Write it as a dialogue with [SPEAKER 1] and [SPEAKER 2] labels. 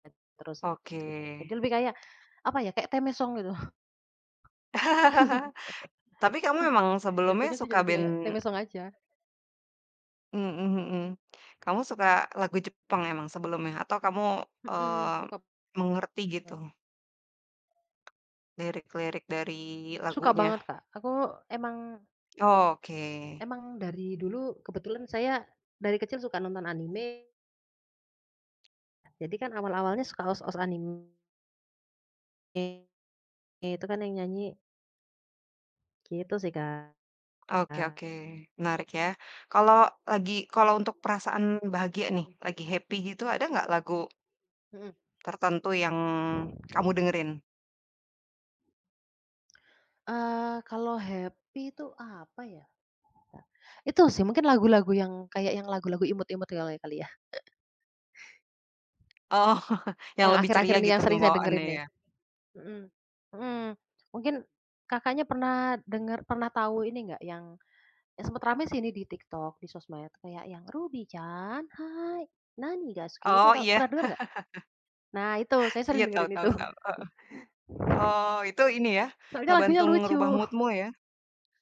[SPEAKER 1] Terus
[SPEAKER 2] Oke.
[SPEAKER 1] gitu, jadi lebih kayak apa ya, kayak theme song gitu.
[SPEAKER 2] Tapi kamu emang sebelumnya
[SPEAKER 1] Jatuhnya sih jadi
[SPEAKER 2] suka
[SPEAKER 1] kayak
[SPEAKER 2] band
[SPEAKER 1] theme song aja.
[SPEAKER 2] Mhm mhm kamu suka lagu Jepang emang sebelumnya? Atau kamu,
[SPEAKER 1] Mhm,
[SPEAKER 2] eee,
[SPEAKER 1] suka
[SPEAKER 2] mengerti
[SPEAKER 1] [unintelligible]
[SPEAKER 2] gitu lirik-lirik dari
[SPEAKER 1] Suka
[SPEAKER 2] lagunya?
[SPEAKER 1] banget Kak, aku emang
[SPEAKER 2] Oh, oke.
[SPEAKER 1] Emang dari dulu, kebetulan saya dari kecil suka nonton anime. Jadi kan awal-awalnya suka OST-OST anime E ya, itu kan yang nyanyi gitu sih kak.
[SPEAKER 2] Oke oke menarik ya. Kalau
[SPEAKER 1] [unintelligible]
[SPEAKER 2] lagi kalau untuk perasaan bahagia nih, lagi happy gitu, ada ga lagu
[SPEAKER 1] Mhm.
[SPEAKER 2] tertentu yang kamu dengerin?
[SPEAKER 1] Eee, kalau happy itu apa ya, itu sih mungkin lagu-lagu yang, kayak yang lagu-lagu imut-imut kali kali ya.
[SPEAKER 2] Oh, yang
[SPEAKER 1] Yang
[SPEAKER 2] lebih
[SPEAKER 1] akhir-akhir
[SPEAKER 2] ceria
[SPEAKER 1] ini
[SPEAKER 2] gitu
[SPEAKER 1] yang sering saya
[SPEAKER 2] pembawaannya
[SPEAKER 1] dengerin nih.
[SPEAKER 2] ya.
[SPEAKER 1] Mhm. Mhm mungkin Kakaknya pernah dengar pernah tahu ini enggak yang sempet rame sih ini di TikTok, di sosmed kayak yang, "Ruby-chan, hai! Nani daisuki" itu
[SPEAKER 2] Oh
[SPEAKER 1] tau
[SPEAKER 2] iya.
[SPEAKER 1] pernah denger enggak? Nah itu saya
[SPEAKER 2] Iya
[SPEAKER 1] sering
[SPEAKER 2] tahu
[SPEAKER 1] dengerin itu.
[SPEAKER 2] tahu tahu, heeh. Oh itu ini ya,
[SPEAKER 1] Soalnya lagunya
[SPEAKER 2] ngebantu
[SPEAKER 1] lucu.
[SPEAKER 2] ngerubah mood-mu ya.